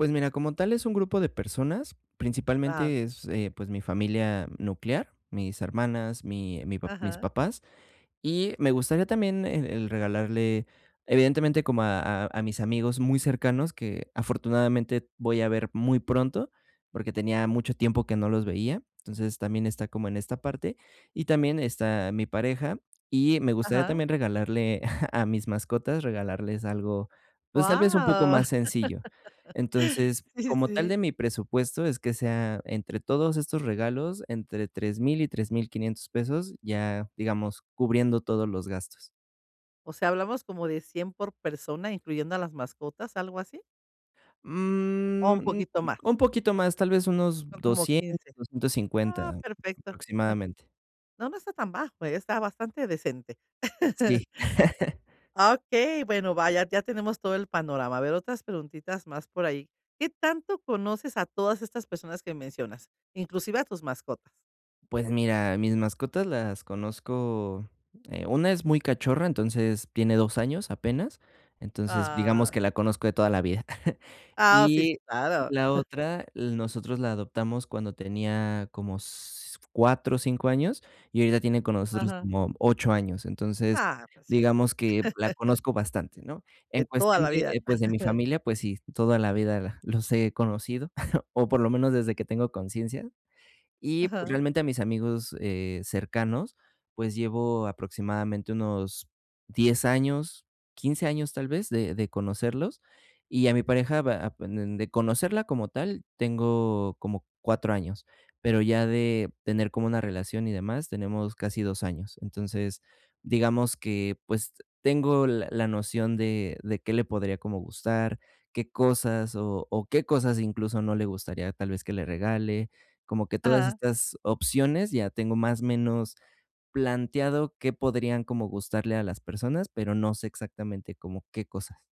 Pues, mira, como tal es un grupo de personas, Ajá. principalmente es, eh, pues, mi familia nuclear, mis hermanas, mi mi pa mis Ajá. papás, y me gustaría también el el regalarle evidentemente como a a a mis amigos muy cercanos, que afortunadamente voy a ver muy pronto, porque tenía mucho tiempo que no los veía. Entonces, también está como en esta parte y también está mi pareja. Y me gustaría Ajá. también regalarle a mis mascotas regalarles algo, pues, tal vez un poco Guau. más sencillo. Entonces, Sí, como tal, sí. de mi presupuesto es que sea entre todos estos regalos, entre 3000, y 3500 pesos, ya digamos, cubriendo todos los gastos. O sea, hablamos como de 100 por persona, incluyendo a las mascotas, ¿algo así? ¿O un Mm. poquito más? Un poquito más, tal vez unos Son como doscientos, 15. doscientos Oh, cincuenta, perfecto. No aproximadamente. no, no está tan bajo, ¿eh? Está bastante decente. Sí. Okey, bueno, vaya, ya tenemos todo el panorama. A ver, otras preguntitas más por ahí. ¿Qué tanto conoces a todas estas personas que mencionas? Inclusive a tus mascotas. Pues, mira, mis mascotas las conozco, eh, una es muy cachorra, entonces tiene 2 años apenas. Entonces, digamos, Ah. que la conozco de toda la vida. Ah, sí, Y sí, claro. la otra, l nosotros la adoptamos cuando tenía como s 4, 5 años, y ahorita tiene con nosotros Ajá. como 8 años. Entonces, Ah, pues, ya. digamos, que la conozco bastante, ¿no? En De toda cuestión la de vida. eh, pues, de mi familia, pues, sí, toda la vida la los he conocido, o, por lo menos desde que tengo conciencia. Y pues, Ajá. realmente a mis amigos, eh, cercanos, pues, llevo aproximadamente unos 10 años, 15 años, tal vez, de de conocerlos, y a mi pareja van de conocerla como tal, tengo como 4 años, pero ya de tener como una relación y demás tenemos casi 2 años. Entonces, digamos que, pues, tengo la la noción de de qué le podría como gustar, qué cosas, o o, qué cosas incluso no le gustaría tal vez que le regale. Como que todas Ajá. estas opciones, ya tengo más menos planteado qué podrían como gustarle a las personas, pero no sé exactamente como qué cosas.